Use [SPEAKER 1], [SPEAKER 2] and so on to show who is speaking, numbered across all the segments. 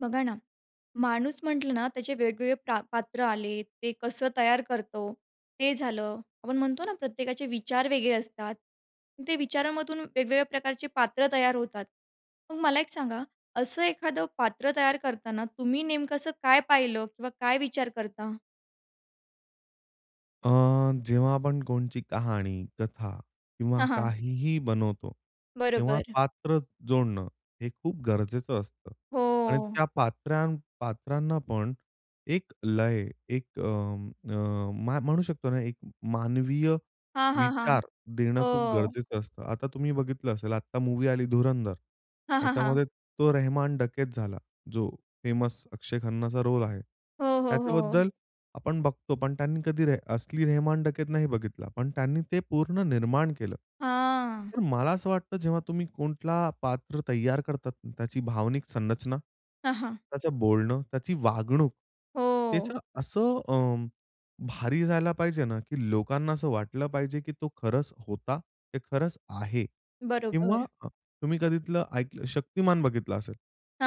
[SPEAKER 1] बघा ना, माणूस म्हटलं ना, त्याचे वेगवेगळे प्रा पात्र आले, ते कसं तयार करतो ते झालं. आपण म्हणतो ना प्रत्येकाचे विचार वेगळे असतात, ते विचारामधून वेगवेगळ्या प्रकारचे पात्रं तयार होतात. मग मला एक सांगा असं एखादं पात्र तयार करताना, तुम्ही नेमकं असं काय पाहिलं? किंवा काय विचार करता?
[SPEAKER 2] अ, जेव्हा आपण कोणची कहाणी, कथा किंवा
[SPEAKER 1] हां, हां.
[SPEAKER 2] काहीही बनवतो, तेव्हा
[SPEAKER 1] बरोबर.
[SPEAKER 2] पात्र जोडणं हे खूप गरजेचं असतं. आणि
[SPEAKER 1] हो.
[SPEAKER 2] त्या पात्रां पात्रांना पण एक लय, एक अं, अ, म्हणू शकतो ना, एक मानवीय
[SPEAKER 1] हां, हां, हां.
[SPEAKER 2] विचार देणं खूप
[SPEAKER 1] हो.
[SPEAKER 2] गरजेचं असतं. आता तुम्ही बघितलं असेल, आत्ता मूव्ही आली "धुरंधर."
[SPEAKER 1] हां, हां, हां.
[SPEAKER 2] त्याच्यामध्ये तो रहमान डकेत झाला, जो फेमस अक्षय खन्नाचा रोल आहे.
[SPEAKER 1] हो, हो, हो.
[SPEAKER 2] त्याच्याबद्दल आपण बघतो, पण त्यांनी कधी रेह असली रेहमान डकेत नाही बघितला. पण त्यांनी ते पूर्ण निर्माण केलं.
[SPEAKER 1] हां.
[SPEAKER 2] तर मला असं वाटतं, जेव्हा तुम्ही कुठलं पात्र तयार करतात ना, त्याची भावनिक संरचना,
[SPEAKER 1] हां, हां.
[SPEAKER 2] त्याचं बोलणं, त्याची वागणूक,
[SPEAKER 1] हो.
[SPEAKER 2] त्याचं असं अ, भारी जायला पाहिजे ना, की लोकांना असं वाटलं पाहिजे, की तो खरंच होता, ते खरंच आहे. किंवा
[SPEAKER 1] बरोबर.
[SPEAKER 2] अ, तुम्ही कधी इथलं ऐकलं शक्तिमान बघितलं असेल,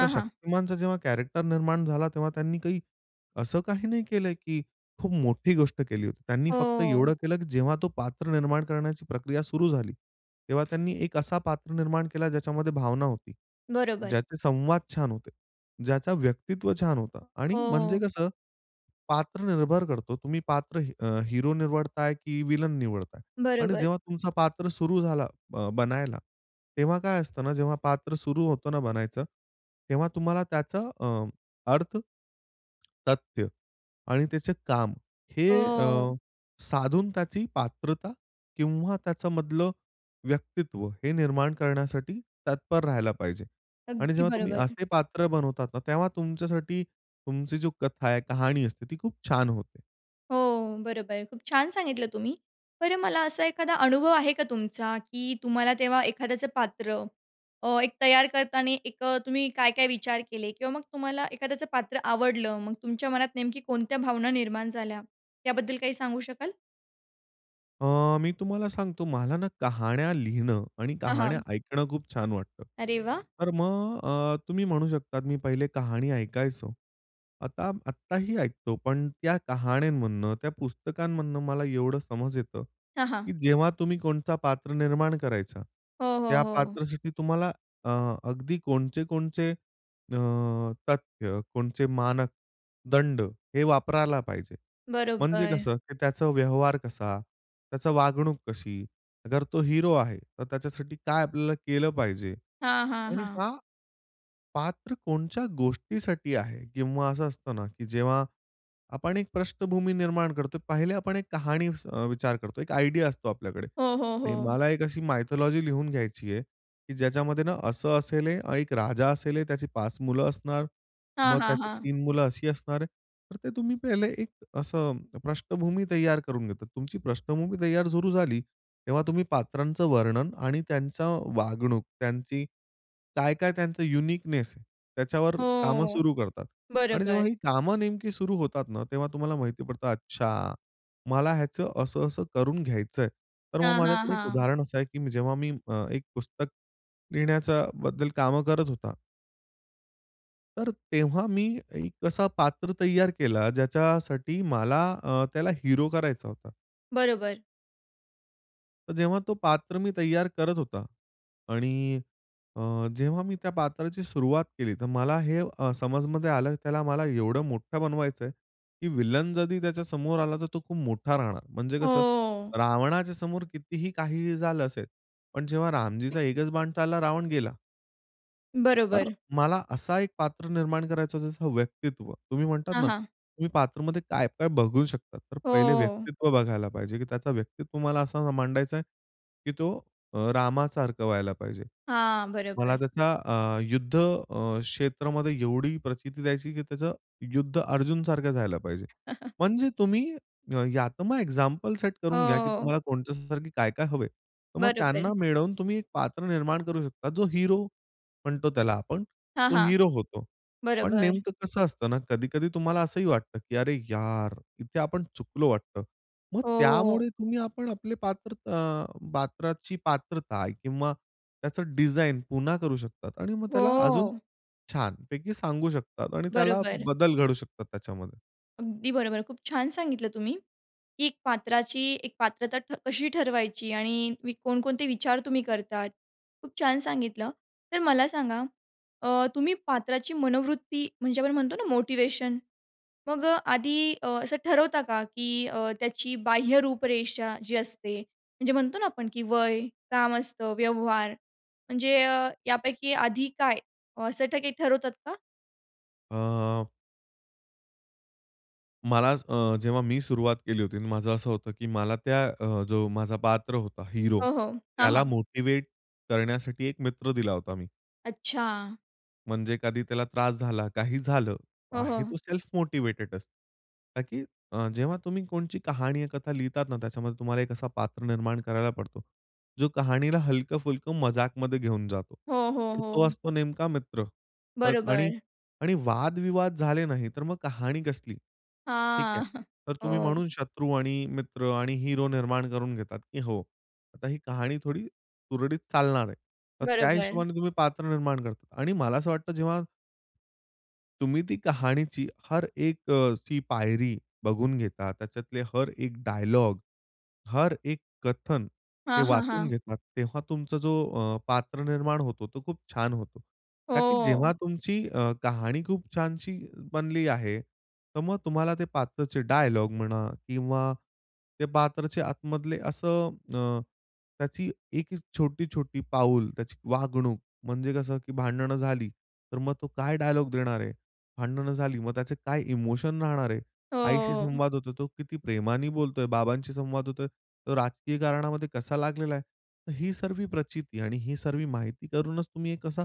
[SPEAKER 2] तर
[SPEAKER 1] हां.
[SPEAKER 2] शक्तिमानचा जेव्हा कॅरेक्टर निर्माण झाला तेव्हा, त्यांनी काही असं काही नाही केलं की खूप मोठी गोष्ट केली होती. त्यांनी फक्त
[SPEAKER 1] हो.
[SPEAKER 2] एवढं केलं, की जेव्हा तो पात्र निर्माण करण्याची प्रक्रिया सुरू झाली, तेव्हा त्यांनी एक असा पात्र निर्माण केला ज्याच्यामध्ये भावना होती,
[SPEAKER 1] बरोबर.
[SPEAKER 2] ज्याचे संवाद छान होते, ज्याचा व्यक्तित्व छान होतं. आणि म्हणजे
[SPEAKER 1] हो.
[SPEAKER 2] कसं, पात्र निर्भर करतो. तुम्ही पात्र अ, हिरो निवडताय, की व्हिलन निवडताय? आणि
[SPEAKER 1] बरोबर.
[SPEAKER 2] जेव्हा तुमचा पात्र सुरू झाला अ, बनायला, तेव्हा काय असतं ना, जेव्हा पात्र सुरू होतं ना बनायचं, तेव्हा तुम्हाला त्याचा अ, अर्थ, तथ्य आणि त्याचे काम हे अ,
[SPEAKER 1] हो.
[SPEAKER 2] साधून त्याची पात्रता किंवा त्याच्यामधलं व्यक्तित्व हे निर्माण करण्यासाठी तत्पर राहायला पाहिजे. आणि
[SPEAKER 1] अगदी
[SPEAKER 2] जेव्हा तुम्ही
[SPEAKER 1] बरोबर.
[SPEAKER 2] असे पात्र बनवतात ना, तेव्हा तुमच्यासाठी तुमची जी कथा आहे, कहाणी असते, ती खूप छान होते.
[SPEAKER 1] हो, बरोबर, खूप छान सांगितलं तुम्ही. बरं मला असा एखादा अनुभव आहे का तुमचा की तुम्हाला तेव्हा एखाद्याचं पात्र अ एक तयार करताना एक तुम्ही काय-काय विचार केले किंवा मग तुम्हाला एखाद्याचं पात्र आवडलं, मग तुमच्या मनात नेमकी कोणत्या भावना निर्माण झाल्या त्याबद्दल काही सांगू शकाल?
[SPEAKER 2] अ, मी तुम्हाला सांगतो मला ना कहाण्या लिहिणं आणि
[SPEAKER 1] अ,
[SPEAKER 2] कहाण्या
[SPEAKER 1] हां.
[SPEAKER 2] ऐकणं खूप छान वाटतं.
[SPEAKER 1] अरे वाह!
[SPEAKER 2] तर मग अ, तुम्ही म्हणू शकता मी पहिले कहाणी ऐकायचो. आता आत्ताही ऐकतो, पण त्या कहाण्यांमधनं, त्या पुस्तकांमधनं मला एवढं समज येतं,
[SPEAKER 1] हां, हां.
[SPEAKER 2] की जेव्हा तुम्ही कोणता पात्र निर्माण करायचा,
[SPEAKER 1] हो, हो,
[SPEAKER 2] त्या
[SPEAKER 1] हो.
[SPEAKER 2] पात्रासाठी तुम्हाला अ, अगदी कोणचे कोणचे अ, तथ्य, कोणचे मानक दंड हे वापरायला पाहिजे. म्हणजे
[SPEAKER 1] बरोबर.
[SPEAKER 2] कसं, की त्याचा व्यवहार कसा? त्याचा वागणूक कशी? अगर तो हिरो आहे, तर त्याच्यासाठी काय आपल्याला केलं पाहिजे
[SPEAKER 1] हां, हां,
[SPEAKER 2] आणि
[SPEAKER 1] हां.
[SPEAKER 2] का? पात्र कोणच्या गोष्टीसाठी आहे किंवा असं असतं ना, की जेव्हा आपण एक पृष्ठभूमी निर्माण करतो, पहिले आपण एक कहाणी अ, विचार करतो, एक आयडिया असतो आपल्याकडे,
[SPEAKER 1] हो, हो, हो.
[SPEAKER 2] मला एक अशी मायथॉलॉजी लिहून घ्यायची आहे, की ज्याच्यामध्ये ना असं असेल आणि 1 राजा असेल त्याची 5 मुलं असणार,
[SPEAKER 1] हां,
[SPEAKER 2] मग
[SPEAKER 1] हां,
[SPEAKER 2] त्यात
[SPEAKER 1] हां.
[SPEAKER 2] 3 मुलं अशी असणार. तर ते तुम्ही पहिले एक असं पृष्ठभूमी तयार करून घेतात. तुमची पृष्ठभूमी तयार सुरू झाली, तेव्हा तुम्ही पात्रांचं वर्णन आणि त्यांच्या वागणूक, त्यांची काय, काय त्यांचं युनिकनेस आहे, त्याच्यावर कामं
[SPEAKER 1] हो,
[SPEAKER 2] सुरू करतात आणि
[SPEAKER 1] बरोबर.
[SPEAKER 2] जेव्हा ही कामं नेमकी सुरू होतात ना, तेव्हा तुम्हाला माहिती पडतं, अच्छा मला ह्याचं असं असं करून घ्यायचंय, तर मग
[SPEAKER 1] हां, हां,
[SPEAKER 2] माझ्याकडे एक
[SPEAKER 1] हां.
[SPEAKER 2] उदाहरण असं आहे, की जेव्हा मी अ, एक पुस्तक लिहिण्याचा बद्दल कामं करत होता. तर तेव्हा मी एक असा पात्र तयार केला, ज्याच्यासाठी मला अ, त्याला हिरो करायचा होता.
[SPEAKER 1] बरोबर.
[SPEAKER 2] तर जेव्हा ते पात्र मी तयार करत होता आणि अ, जेव्हा मी त्या पात्राची सुरुवात केली, तर मला हे समजमध्ये आलं, त्याला मला एवढं मोठं बनवायचंय, की विलन जरी त्याच्या समोर आला, तर तो खूप मोठा राहणार. म्हणजे कसं?
[SPEAKER 1] हो.
[SPEAKER 2] रावणाच्या समोर कितीही काहीही झालं असेल, पण जेव्हा रामजीचा एकच बाण चालला, रावण गेला. तर
[SPEAKER 1] बरोबर.
[SPEAKER 2] मला असं एक पात्र निर्माण करायचं, जसं व्यक्तित्व तुम्ही म्हणतात
[SPEAKER 1] हां,
[SPEAKER 2] ना,
[SPEAKER 1] हां.
[SPEAKER 2] तुम्ही पात्रामध्ये काय-काय बघू शकता? तर पहिले
[SPEAKER 1] हो.
[SPEAKER 2] व्यक्तित्व बघायला पाहिजे, की त्याचं व्यक्तित्व मला असं मला मांडायचं आहे की तो अ, रामासारखं व्हायला पाहिजे.
[SPEAKER 1] हां,
[SPEAKER 2] मला
[SPEAKER 1] बरोबर.
[SPEAKER 2] त्याच अ, युद्धक्षेत्रामध्ये अ, एवढी प्रचिती द्यायची की त्याचं युद्ध अर्जुनसारखं झाल पाहिजे. म्हणजे तुम्ही या यात मग एक्झाम्पल सेट
[SPEAKER 1] हो,
[SPEAKER 2] करून घ्या की
[SPEAKER 1] हो.
[SPEAKER 2] तुम्हाला कोणच्यासारख काय-काय हवं आहे, तर मग त्यांना
[SPEAKER 1] बरोबर.
[SPEAKER 2] मिळवून तुम्ही एक पात्र निर्माण करू शकता. जो हिरो म्हणतो त्याला आपण,
[SPEAKER 1] हां,
[SPEAKER 2] तो
[SPEAKER 1] हां.
[SPEAKER 2] हिरो होतो. पण
[SPEAKER 1] बरोबर.
[SPEAKER 2] नेमकं कसं असतं ना, कधी-कधी तुम्हाला असंही वाटतं की अरे यार! इथे आपण चुकलो वाटतं. मग
[SPEAKER 1] ओह.
[SPEAKER 2] त्यामुळे तुम्ही आपण आपले पात्र अ, पात्राची पात्रता किंवा त्याचं डिझाइन पुन्हा करू शकता आणि मग त्याला अजून
[SPEAKER 1] हो.
[SPEAKER 2] छानपैकी सांगू शकता आणि त्याला
[SPEAKER 1] बरोबर.
[SPEAKER 2] बदल घडू शकता त्याच्यामध्ये.
[SPEAKER 1] अगदी बरोबर. खूप छान सांगितलं तुम्ही. की एक पात्राची एक पात्रता ठ कशी ठरवायची आणि वि कोणकोणते विचार तुम्ही करतात? खूप छान सांगितलं. तर, मला सांगा अ, तुम्ही पात्राची मनोवृत्ती म्हणजे आपण म्हणतो ना मोटिवेशन. मग अ, आधी अ, असं ठरवता का? की अ, त्याची बाह्य रूपरेषा जी असते म्हणजे, म्हणतो ना आपण की वय काम असतं व्यवहार म्हणजे अ, यापैकी आधी काय असं काही ठरवतात का?
[SPEAKER 2] अ. मलाच अ, जेव्हा मी सुरुवात केली होती आणि माझं असं होतं की मला त्या अ, जो माझा पात्र होता हीरो.
[SPEAKER 1] हो, हो, हां,
[SPEAKER 2] त्याला
[SPEAKER 1] हां.
[SPEAKER 2] मोटिव्हेट करण्यासाठी एक मित्र दिला होता, मी.
[SPEAKER 1] अच्छा.
[SPEAKER 2] म्हणजे कधी त्याला त्रास झाला काही झालं,
[SPEAKER 1] हो,
[SPEAKER 2] आहे
[SPEAKER 1] हो.
[SPEAKER 2] तो सेल्फ मोटिवेटेडचं. का की अ, जेव्हा तुम्ही कोणची कहाणी या कथा लिहितात ना त्याच्यामध्ये तुम्हाला एक असा पात्र निर्माण करायला पडतो, जो कहाणीला हलकं-फुलकं मजाकमध्ये घेऊन जातो.
[SPEAKER 1] हो, हो,
[SPEAKER 2] आणि तो
[SPEAKER 1] हो.
[SPEAKER 2] असतो नेमका मित्र अ, आणि,
[SPEAKER 1] बरोबर.
[SPEAKER 2] आणि, वादविवाद झाले नाही तर, मग कहाणी कसली? ठीक आहे.
[SPEAKER 1] हां,
[SPEAKER 2] तर, तुम्ही
[SPEAKER 1] हो.
[SPEAKER 2] म्हणून शत्रू आणि मित्र आणि हिरो निर्माण करून घेतात की हो, आता ही कहाणी थोडी सुरळीत चालणार आहे. तर त्या
[SPEAKER 1] बरोबर.
[SPEAKER 2] हिशोबाने तुम्ही पात्र निर्माण करतात. आणि मला असं वाटतं जेव्हा तुम्ही ती कहाणीची हर एक अ, ची पायरी बघून घेता. त्याच्यातले हर एक डायलॉग, हर एक कथन हे
[SPEAKER 1] हां, हां,
[SPEAKER 2] वाचून
[SPEAKER 1] हां.
[SPEAKER 2] घेतात. तेव्हा तुमचा जो अ, पात्र निर्माण होतो तो खूप छान होतो. का की जेव्हा
[SPEAKER 1] हो.
[SPEAKER 2] तुमची अ, कहाणी खूप छानशी बनली आहे तर, मग तुम्हाला ते पात्रचे डायलॉग म्हणा किंवा ते पात्रचे आतमधले असं अ, त्याची एक छोटी-छोटी पाऊल त्याची वागणूक. म्हणजे, कसं, की भांडणं झाली तर, मग तो काय डायलॉग देणार आहे? भांडणं झाली, मग त्याचे काय इमोशन राहणार आहे?
[SPEAKER 1] हो,
[SPEAKER 2] आईशी
[SPEAKER 1] हो, हो.
[SPEAKER 2] संवाद होतोय, तो किती प्रेमाने बोलतोय, बाबांशी संवाद होतोय, तो राजकीय कारणामध्ये कसा लागलेला आहे. तर, ही सगळी प्रचिती आणि ही सगळी माहिती करूनच तुम्ही कसा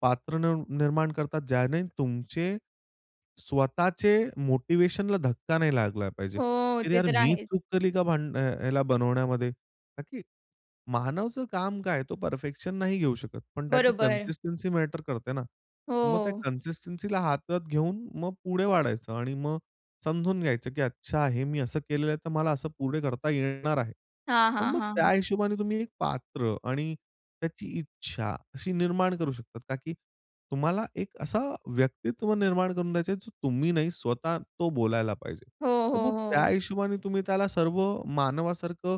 [SPEAKER 2] पात्र निर निर्माण करतात. ज्याने तुमचे स्वतःचे मोटिवेशनला धक्का नाही लागला पाहिजे.
[SPEAKER 1] हो.
[SPEAKER 2] तर,
[SPEAKER 1] ते
[SPEAKER 2] यार
[SPEAKER 1] तर
[SPEAKER 2] मी
[SPEAKER 1] आहेच.
[SPEAKER 2] चूक केली का भान अ, याला बनवण्यामध्ये, का की मानवचं काम काय आहे? तो परफेक्शन नाही घेऊ शकत. पण, त्याची
[SPEAKER 1] बरोबर.
[SPEAKER 2] कन्सिस्टन्सी मॅटर करते ना. मग त्या
[SPEAKER 1] हो.
[SPEAKER 2] कन्सिस्टन्सीला हातात घेऊन मग पुढे वाढायचं आणि मग समजून घ्यायचं की अच्छा हे मी असं केलेलं आहे, तर मला असं पुढे करता ये येणार आहे.
[SPEAKER 1] हां,
[SPEAKER 2] तर,
[SPEAKER 1] हां,
[SPEAKER 2] मग त्या
[SPEAKER 1] हां.
[SPEAKER 2] हिशोबाने तुम्ही एक पात्र आणि त्याची इच्छा अशी निर्माण करू शकता का की तुम्हाला एक असा व्यक्तित्व निर्माण करून द्यायचा आहे, जो तुम्ही नाही स्वतः तो बोलायला पाहिजे.
[SPEAKER 1] हो,
[SPEAKER 2] तर,
[SPEAKER 1] हो,
[SPEAKER 2] मग त्या
[SPEAKER 1] हो.
[SPEAKER 2] हिशोबाने तुम्ही त्याला सर्व मानवासारखं,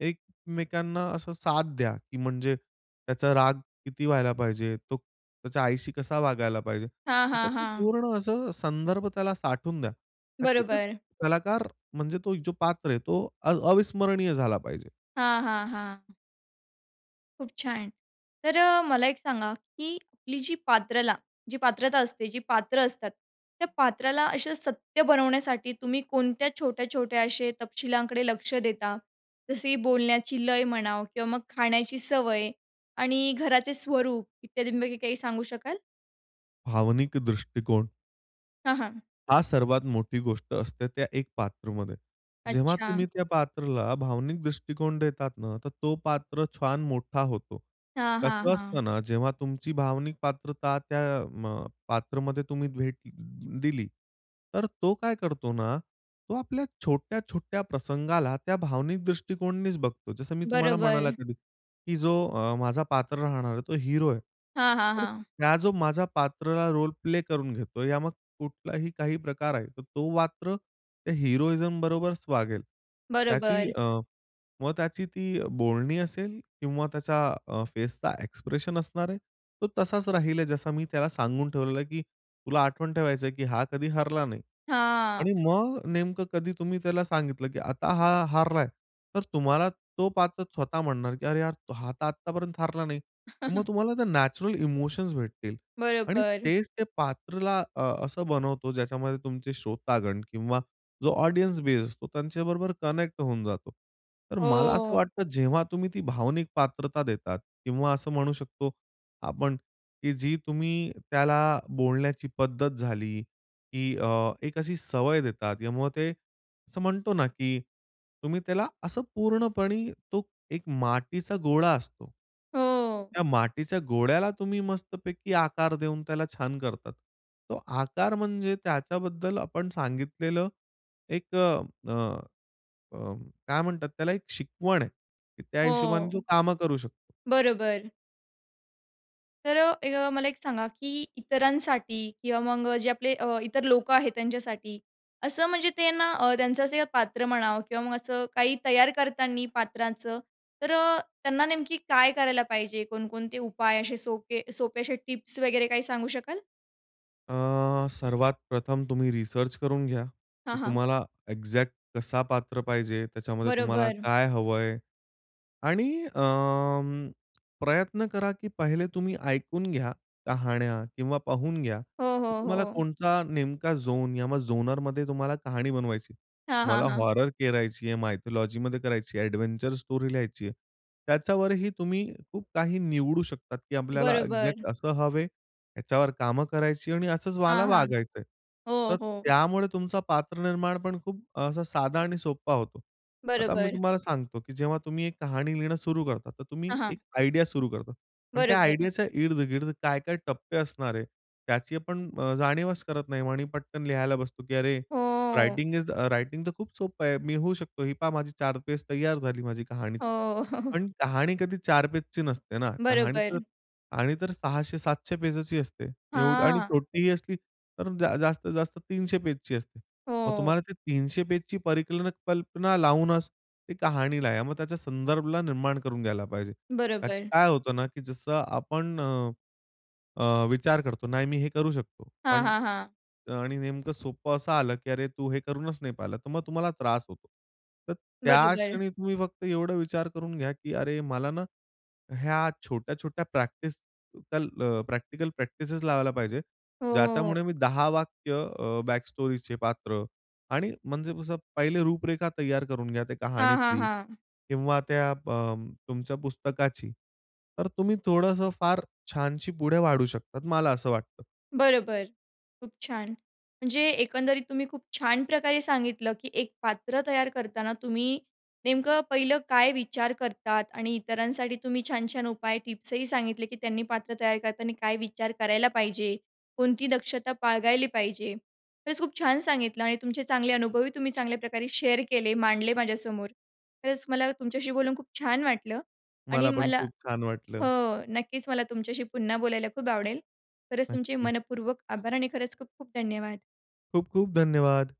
[SPEAKER 2] एकमेकांना असं साथ द्या, की म्हणजे त्याचा राग किती व्हायला पाहिजे? तो त्याच्या आईशी कसा वागायला पाहिजे?
[SPEAKER 1] हां,
[SPEAKER 2] त्याच्यात
[SPEAKER 1] हां,
[SPEAKER 2] ना
[SPEAKER 1] हां.
[SPEAKER 2] पूर्ण असं संदर्भ त्याला साठवून द्या. का की ते
[SPEAKER 1] बरोबर.
[SPEAKER 2] कलाकार म्हणजे तो जो पात्र आहे तो अ अविस्मरणीय झाला पाहिजे.
[SPEAKER 1] हां, हां, हां. खूप छान. तर अ, मला एक सांगा की आपली जी पात्रला, जी पात्रता असते जी पात्र असतात त्या पात्राला अशा सत्य बनवण्यासाठी तुम्ही कोणत्या छोट्या-छोट्या असे तपशिलांकडे लक्ष देता, जसे बोलण्याची लय म्हणा किंवा मग खाण्याची सवय आणि घराचे स्वरूप इत्यादींपैकी काही सांगू शकाल?
[SPEAKER 2] भावनिक दृष्टिकोन
[SPEAKER 1] हां, हां.
[SPEAKER 2] हा सर्वात मोठी गोष्ट असते, त्या एक पात्रामध्ये जेव्हा
[SPEAKER 1] अच्छा!
[SPEAKER 2] तुम्ही त्या पात्राला भावनिक दृष्टिकोन देतात ना, तर तो पात्र छान मोठा होतो.
[SPEAKER 1] हां, हां,
[SPEAKER 2] कसं
[SPEAKER 1] हां.
[SPEAKER 2] असतं ना जेव्हा तुमची भावनिक पात्रता त्या म अ, पात्रामध्ये तुम्ही भेट अ, दिली तर तो काय करतो ना, तो आपल्या छोट्या-छोट्या प्रसंगाला त्या भावनिक दृष्टिकोनानेच बघतो. जसं मी तुम्हाला म्हणाला
[SPEAKER 1] बरोबर.
[SPEAKER 2] कधी की जो अ, माझा पात्र राहणार आहे तो हिरो आहे.
[SPEAKER 1] हां, हां,
[SPEAKER 2] तर
[SPEAKER 1] हां.
[SPEAKER 2] हा जो माझा पात्राला रोल प्ले करून घेतोय, या मग कुठलाही काही प्रकार आहे तो मात्र त्या हिरोइझम बरोबरच वागेल. त्याची
[SPEAKER 1] बरोबर.
[SPEAKER 2] अ, मग त्याची ती अ, बोलणी असेल किंवा त्याच्या अ, फेसचा एक्सप्रेशन असणार आहे. तो तसाच राहील आहे जसा मी त्याला सांगून ठेवलेलं आहे की तुला आठवण ठेवायचं आहे, की हा कधी हरला नाही. आणि
[SPEAKER 1] हां.
[SPEAKER 2] मग नेमकं कधी तुम्ही त्याला सांगितलं की आता हा हारलाय तर तुम्हाला तो पात्र स्वतः म्हणणार की "अरे यार हा तर आत्तापर्यंत हारला नाही." तर मग तुम्हाला त्या नॅचरल इमोशन्स भेटतील. आणि
[SPEAKER 1] बरोबर.
[SPEAKER 2] तेच ते पात्राला अ, असं बनवतो ज्याच्यामध्ये तुमचे श्रोतागण किंवा जो ऑडियन्स बेस असतो, त्यांच्याबरोबर कनेक्ट होऊन जातो. तर मला असं
[SPEAKER 1] हो.
[SPEAKER 2] वाटतं जेव्हा तुम्ही ती भावनिक पात्रता देतात किंवा असं म्हणू शकतो आपण की जी तुम्ही त्याला बोलण्याची पद्धत झाली की अ, एक अशी सवय देतात त्यामुळं ते असं म्हणतो ना की तुम्ही त्याला असं पूर्णपणे तो एक मातीचा गोळा असतो
[SPEAKER 1] हो.
[SPEAKER 2] त्या मातीच्या गोळ्याला तुम्ही मस्तपैकी आकार देऊन त्याला छान करतात. तो आकार म्हणजे त्याच्याबद्दल आपण सांगितलेलं एक अ, अ, काय म्हणतात त्याला एक शिकवण आहे. की त्या हिशोबाने तो
[SPEAKER 1] हो.
[SPEAKER 2] कामं करू शकतो.
[SPEAKER 1] बरोबर. तर अ, एक मला एक सांगा की इतरांसाठी किंवा मग जे आपले अ, इतर लोकं आहेत त्यांच्यासाठी, असं म्हणजे ते ना अ, त्यांचं असं पात्र म्हणा किंवा मग असं काही तयार करताना पात्रांचं तर अ, त्यांना नेमकी काय करायला पाहिजे? कोणकोणते उपाय असे सोपे सोपे असे टिप्स वगैरे काही सांगू शकाल?
[SPEAKER 2] अ, सर्वात प्रथम तुम्ही रिसर्च करून घ्या
[SPEAKER 1] हां,
[SPEAKER 2] की
[SPEAKER 1] हां.
[SPEAKER 2] तुम्हाला एक्झॅक्ट कसा पात्र पाहिजे, त्याच्यामध्ये तुम्हाला
[SPEAKER 1] बरोबर.
[SPEAKER 2] काय हवं आहे आणि अ, प्रयत्न करा की पहिले तुम्ही ऐकून घ्या कहाण्या किंवा पाहून घ्या
[SPEAKER 1] हो,
[SPEAKER 2] की
[SPEAKER 1] हो,
[SPEAKER 2] तुम्हाला
[SPEAKER 1] हो.
[SPEAKER 2] कोणता नेमका झोन या झोनरमध्ये तुम्हाला कहाणी बनवायची आहे.
[SPEAKER 1] हां,
[SPEAKER 2] तुम्हाला
[SPEAKER 1] हां, हां.
[SPEAKER 2] हॉरर करायची आहे, मायथॉलॉजीमध्ये करायची आहे, एडव्हेंचर स्टोरी लिहायची आहे. त्याच्यावर ही तुम्ही खूप काही निवडू शकतात की आपल्याला
[SPEAKER 1] बरोबर.
[SPEAKER 2] एक्झॅक्ट असं हवं आहे, याच्यावर कामं करायची आणि असंच मला
[SPEAKER 1] हां, हां.
[SPEAKER 2] वागायचं आहे.
[SPEAKER 1] हो,
[SPEAKER 2] तर
[SPEAKER 1] हो.
[SPEAKER 2] त्यामुळे तुमचा पात्र निर्माणपण खूप असा साधा आणि सोप्प होतो. आता मी
[SPEAKER 1] बरोबर.
[SPEAKER 2] तुम्हाला सांगतो की जेव्हा तुम्ही एक कहाणी लिहिणं सुरू करता, तर
[SPEAKER 1] हां,
[SPEAKER 2] तुम्ही
[SPEAKER 1] हां.
[SPEAKER 2] एक आयडिया सुरू करतात. पण त्या
[SPEAKER 1] बरोबर.
[SPEAKER 2] आयडियाच्या इर्द-गिर्द काय-काय टप्पे असणार आहे, त्याची आपण अ, जाणीवच करत नाही आणि पटकन लिहायला बसतो की अरे
[SPEAKER 1] हो.
[SPEAKER 2] रायटिंग इज द रायटिंग तर खूप सोपं आहे. मी होऊ शकतो. ही पहा माझी 4 पेज तैयार झाली माझी कहाणीची.
[SPEAKER 1] हो.
[SPEAKER 2] पण कहाणी कधी 4 पेजच नसते ना, कहाणी तर,
[SPEAKER 1] बरोबर.
[SPEAKER 2] कहाणी तर 600-700 पेजच असते, एवढी आणि
[SPEAKER 1] हां.
[SPEAKER 2] छोटीही असली तर जास्तीत जास्त 300 पेजची असते. मग
[SPEAKER 1] हो.
[SPEAKER 2] तुम्हाला ते 300 पेजची परिक कल्पना लावूनच ती कहाणी लिहा. मग त्याच्या संदर्भाला निर्माण करून घ्यायला पाहिजे. का की
[SPEAKER 1] बरोबर.
[SPEAKER 2] काय होतं ना की जसं आपण, अ, अ, विचार करतो, नाही मी हे करू शकतो
[SPEAKER 1] हां,
[SPEAKER 2] पण
[SPEAKER 1] हां, हां.
[SPEAKER 2] आणि नेमकं सोपं असं आलं की, "अरे! तू हे करूनच नाही पाहिलं", तर मग तुम्हाला त्रास होतो. तर त्या
[SPEAKER 1] बरोबर.
[SPEAKER 2] क्षणी तुम्ही फक्त एवढं विचार करून घ्या की "अरे! मला ना ह्या छोट्या-छोट्या प्रॅक्टिस कल अ, प्रॅक्टिकल प्रॅक्टिसेस लावायला पाहिजे."
[SPEAKER 1] हो, हो, हो.
[SPEAKER 2] ज्याच्यामुळे मी 10 वाक्य अ, बॅकस्टोरीचे पात्र आणि म्हणजे कसं, पहिले रूपरेखा तैयार करून घ्या त्या
[SPEAKER 1] हां, हां,
[SPEAKER 2] कहाणीतली
[SPEAKER 1] हां.
[SPEAKER 2] किंवा त्या प अ, तुमच्या पुस्तकाची, तर तुम्ही थोडंसं फार छानशी पुढे वाढू शकतात. मला असं वाटतं.
[SPEAKER 1] बरोबर. खूप छान, म्हणजे एकंदरीत तुम्ही खूप छान प्रकारे सांगितलं की एक पात्र तयार करताना तुम्ही नेमकं पहिलं काय विचार करतात? आणि इतरांसाठी तुम्ही छान छान उपाय टिप्स ही सांगितले, की त्यांनी पात्र तयार करताना काय विचार करायला पाहिजे, कोणती दक्षता बाळगायली पाहिजे. खरंच खूप छान सांगितलं आणि तुमचे चांगले अनुभव ही तुम्ही चांगल्या प्रकारे शेअर केले मांडले माझ्यासमोर खरंच मला तुमच्याशी बोलून खूप छान वाटलं आणि
[SPEAKER 2] मला पण
[SPEAKER 1] मला
[SPEAKER 2] खूप छान वाटलं.
[SPEAKER 1] हो, नक्कीच मला तुमच्याशी पुन्हा बोलायला खूप आवडेल. खरंच तुमचे
[SPEAKER 2] नक्की.
[SPEAKER 1] मनःपूर्वक आभार आणि खरंच खूप खूप धन्यवाद.
[SPEAKER 2] खूप खूप धन्यवाद.